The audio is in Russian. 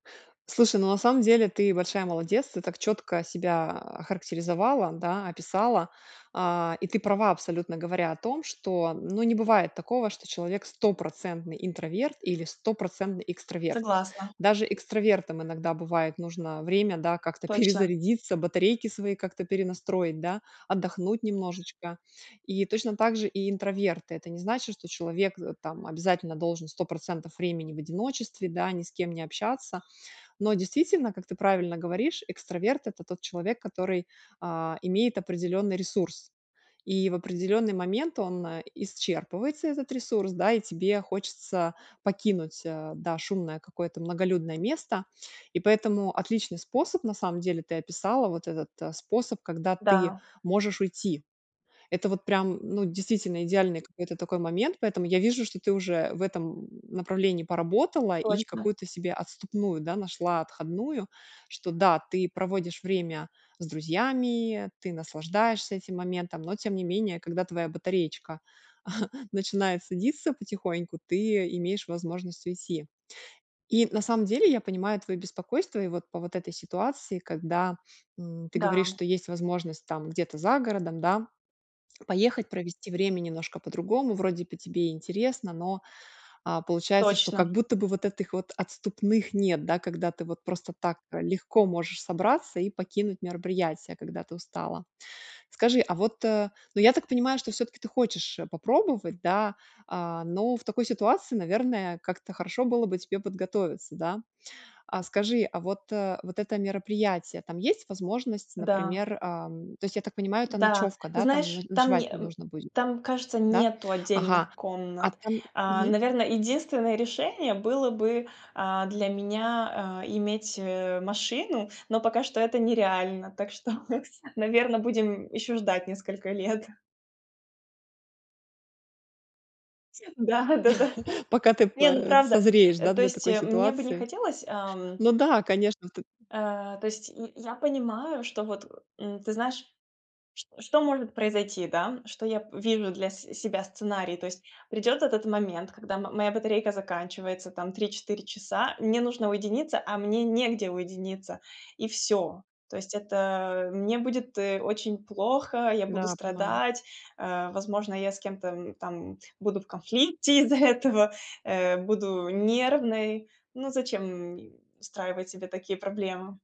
Слушай, ну, на самом деле ты большая молодец, ты так чётко себя охарактеризовала, да, описала, а, и ты права абсолютно, говоря о том, что, ну, не бывает такого, что человек стопроцентный интроверт или стопроцентный экстраверт. Согласна. Даже экстравертам иногда бывает нужно время, да, как-то Точно. перезарядиться, батарейки свои как-то перенастроить, да, отдохнуть немножечко, и точно так же и интроверты. Это не значит, что человек, э, там обязательно должен 100 % времени в одиночестве, да, ни с кем не общаться. Но действительно, как ты правильно говоришь, экстраверт- это тот человек, который, а, имеет определённый ресурс. И в определённый момент он, э, исчерпывается, этот ресурс, да, и тебе хочется покинуть, э, да, шумное какое-то многолюдное место. И поэтому отличный способ на самом деле ты описала, вот этот, э, способ, когда ты Да. можешь уйти. Это вот прям, ну, действительно идеальный какой-то такой момент, поэтому я вижу, что ты уже в этом, м, направлении поработала и Точно. какую-то себе отступную, да, нашла, отходную, что да, ты проводишь время с друзьями, ты наслаждаешься этим моментом, но тем не менее, когда твоя батареечка начинает садиться потихоньку, ты имеешь возможность уйти. И на самом деле я понимаю твоё беспокойство и вот по вот этой ситуации, когда, м, ты говоришь, Да. что есть возможность там где-то за городом, да, поехать, провести время немножко по-другому, вроде бы тебе и интересно, но, а, получается, что Точно. как будто бы вот этих вот отступных нет, да, когда ты вот просто так, э, легко можешь собраться и покинуть мероприятие, когда ты устала. Скажи, а вот, э, ну, я так понимаю, что всё-таки ты хочешь, э, попробовать, да, а, но в такой ситуации, наверное, как-то хорошо было бы тебе подготовиться, да? А скажи, а вот, э, вот это мероприятие, там есть возможность, Да. например, ам, то есть, я так понимаю, это Да. ночёвка, Ты да, там но знаешь, там ночевать не э, нужно будет? там, кажется, Да, нету ага, отдельных а комнат. там, А, мгм. наверное, единственное решение было бы, а, для меня, а, иметь, э, машину, но пока что это нереально. Так что, наверно, будем ещё ждать несколько лет. Да, да, да. Пока ты п Не, ну, э, правда, созреешь, э, да, то для есть такой мне бы не ситуации. хотелось, ам. Ну да, конечно, ты Э, то есть я я понимаю, что вот, э, м, ты знаешь, ч что может произойти, да, что я вижу для с себя сценарий. То есть придёт этот момент, когда м моя батарейка заканчивается там 3-4 часа, мне нужно уединиться, а мне негде уединиться, и всё. То есть это мне будет, э, очень плохо, я буду Да, понимаю. страдать, э, возможно, я с кем-то, м, там буду в конфликте из-за этого, э, буду нервной. Ну, зачем, м, устраивать себе такие проблемы?